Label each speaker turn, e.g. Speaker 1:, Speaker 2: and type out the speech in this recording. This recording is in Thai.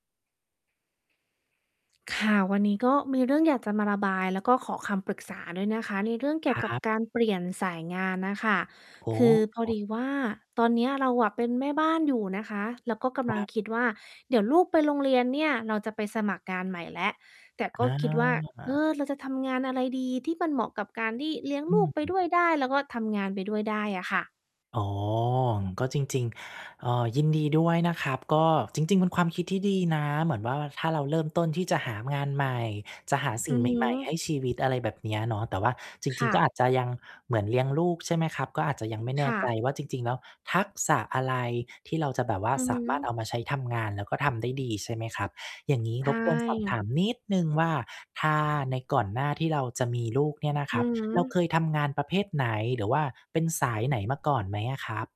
Speaker 1: ค่ะ วันนี้ก็มีเรื่องอยากจะมาระบาย แล้วก็ขอคำปรึกษาด้วยนะคะ ในเรื่องเกี
Speaker 2: ค
Speaker 1: ่ยว
Speaker 2: ร
Speaker 1: กับ
Speaker 2: ับ
Speaker 1: การเปลี่ยนสายงานน่ะค่ะ
Speaker 2: อ๋
Speaker 1: คือพอ
Speaker 2: อ
Speaker 1: ดีว่า ตอนเนี้ยเราอะเป็นแม่บ้านอยู่นะคะ แล้วก็กำ
Speaker 2: ค
Speaker 1: ล
Speaker 2: ร
Speaker 1: ัง
Speaker 2: ับ
Speaker 1: คิดว่า เดี๋ยวลูกไปโรงเรียนเนี่ยเราจะไปสมัครงานใหม่แล้ว แต่ก็
Speaker 2: อ
Speaker 1: คิดว่า เอ
Speaker 2: า
Speaker 1: อ เราจะทำงานอะไรดี? ที่มันเหมาะกับการที่เลี้ยง
Speaker 2: อ
Speaker 1: ลูกไป
Speaker 2: ืม
Speaker 1: ด้วยได้ แล้วก็ทำงานไปด้วยได้อะค่ะ
Speaker 2: อ๋อ ก็จริง ๆ เอ่อ ยินดีด้วยนะครับ ก็จริง ๆ เป็นความคิดที่ดีนะ เหมือนว่า ถ้าเราเริ่มต้นที่จะหางานใหม่ จะหาสิ
Speaker 1: อื
Speaker 2: ่ง
Speaker 1: อ
Speaker 2: ใ
Speaker 1: ฮ
Speaker 2: หม่ ๆ ให
Speaker 1: ึ
Speaker 2: ้ชีวิต อะไรแบบเนี้ยเนาะ แต่ว่าจ
Speaker 1: ค
Speaker 2: ริง
Speaker 1: ่
Speaker 2: ๆ ก็
Speaker 1: ะ
Speaker 2: อาจจะยังเหมือนเลี้ยงลูก ใช่ไหมครับ ก็อาจจะยังไม่แน
Speaker 1: ค
Speaker 2: ่
Speaker 1: ่
Speaker 2: ใจ
Speaker 1: ะ
Speaker 2: ว่า จริง ๆ แล้วทักษะอะไรที่เราจะแบบว่า
Speaker 1: อือ
Speaker 2: ส
Speaker 1: ฮ
Speaker 2: ามารถเอ
Speaker 1: ึ
Speaker 2: ามาใช้ทำงาน แล้วก็ทำได้ดี ใช่ไหมครับ อย่างงี้
Speaker 1: ใช
Speaker 2: รบกวนสอบถ
Speaker 1: ่
Speaker 2: ามนิดหนึ่งว่า ถ้าในก่อนหน้าที่เราจะมีลูกเนี่ยนะค
Speaker 1: อื
Speaker 2: รับ
Speaker 1: อฮ
Speaker 2: เรา
Speaker 1: ึ
Speaker 2: เคยทำงานประเภทไหน หรือว่าเป็นสายไหนมาก่อนไหมอะครับ?